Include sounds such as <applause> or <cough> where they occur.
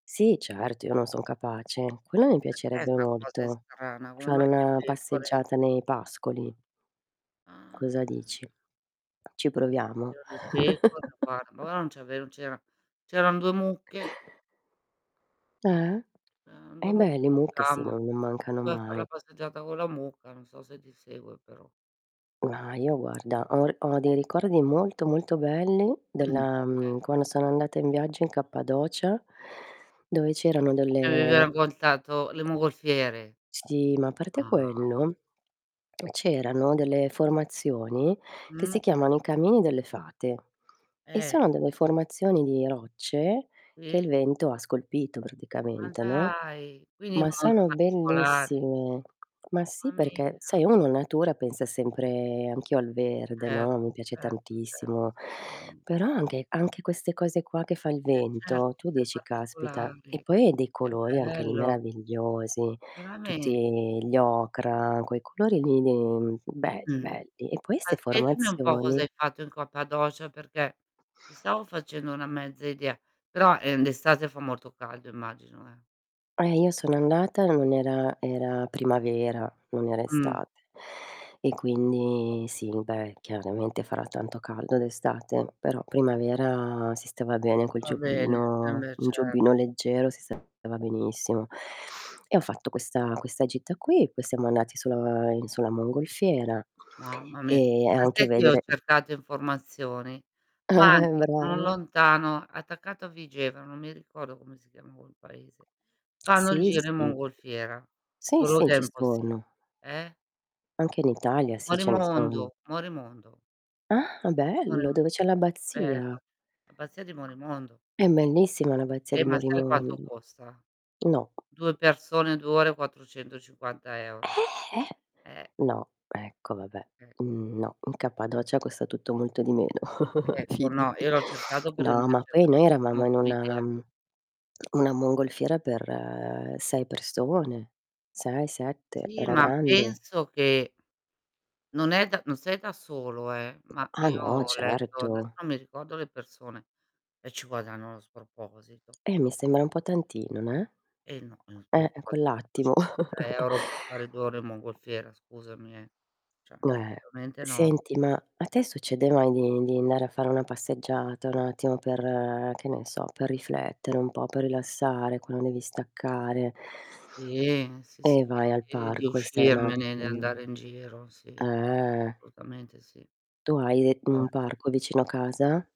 Sì certo, io non son capace. Quello mi <unintelligible> 'Sta piacerebbe cosa è molto, strana. Come mai fare una <unintelligible> passeggiata nei pascoli. Ah. Cosa dici? Ci proviamo? C'eran le pecore, guar <chuckles> allora non c'ave non c'era c'eran 2 mucche Eh. Uhm, Eh 2 beh, mucche le mucche sì, ma <unintelligible> non mancano Vuoi far la mai. passeggiata con la mucca, non so se ti segue, però. No, io guarda, ho ho dei ricordi molto, molto belli <clears throat> della Eh. mhmm, quando sono andata in viaggio in Cappadocia, dove c'erano Mi avevi delle raccontato le mongolfiere. Sì, ma a parte Ah, m quello c'erano delle formazioni, che si Mh. chiamano i camini delle fate, e Eh. <unintelligible> sono delle formazioni di rocce che il Sì. vento ha scolpito Ma praticamente, no? dai, quindi Ma <unintelligible> sono particolari. bellissime. Ma sì Mamma perché, mia. sai, uno, no, in natura pensa sempre anch'io al verde, Certo, no, mi piace certo, cer tantissimo, Mh. però anche anche queste cose qua che fa il Eh, certo vento, tu <unintelligible> dici: "Caspita". E particolari. poi hai dei Che colori anche lì bello. meravigliosi, Veramente? tutti gli ocra, quei colori lì lì be Mh, belli e poi ma 'ste spiegami un po' formazioni cos'hai fatto in Cappadocia perché mi stavo facendo una mezza idea, però, ehm, d'estate fa molto caldo immagino, eh. Eh, io sono andata, non era era primavera, non era Mh. estate. E quindi sì, beh, chiaramente farà tanto caldo d'estate, però primavera si stava bene col Va bene, eh giubbino beh un cer giubbino leggero si stava benissimo. <sniffs> E ho fatto questa questa gita qui, poi siamo andati sulla in sulla mongolfiera Mamma mia, e ma anche sai che io ho vedere cercato informazioni? Ma <chuckles> anche non Brava. lontano, attaccato a Vigevano, non mi ricordo come si chiama quel paese, fanno il Sì, giro in sì. mongolfiera. Sì, Solo sì, che è ci impossib sono. eh? Anche in Italia, sì ce ne sono. Morimondo, Morimondo. Ah, Morim bello, dove sì, c'è l'abbazia. bello. L'abbazia di Morimondo. È bellissima l'abbazia Eh di ma sai quanto Morimondo. costa? No. 2 persone, 2 ore, 450 €. Eh? Eh. No, ecco vabbè. Ecco. No. In Cappadocia costa tutto molto di meno, <chuckles> Ecco no, fidati. io l'ho cercato perché mi No, ma piace poi noi eravamo tantissimo in come una idea. mhmm, una mongolfiera per 6 persone. 6, 7, Sì era ma grande. penso che non è da non sei da solo eh, ma Ah io no, ho letto certo. adesso non mi ricordo le persone e ci guadagnano sproposito. Eh mi sembra un po' tantino, neh. Eh no, <unintelligible> Eh, quell'attimo. quattrocentocinquanta <chuckles> euro per fare 2 ore mongolfiera scusami eh, cioè Eh. assolutamente no. Senti, ma a te succede mai di di andare a fare una passeggiata, un attimo per che ne so, per riflettere, un po' per rilassare, quando devi staccare Sì, <sniffs> sì, sì e vai al di di parco e stai uscirmene, di n'attimo andare in giro, sì. eh. Assolutamente sì. Tu hai e un <unintelligible> parco vicino a casa?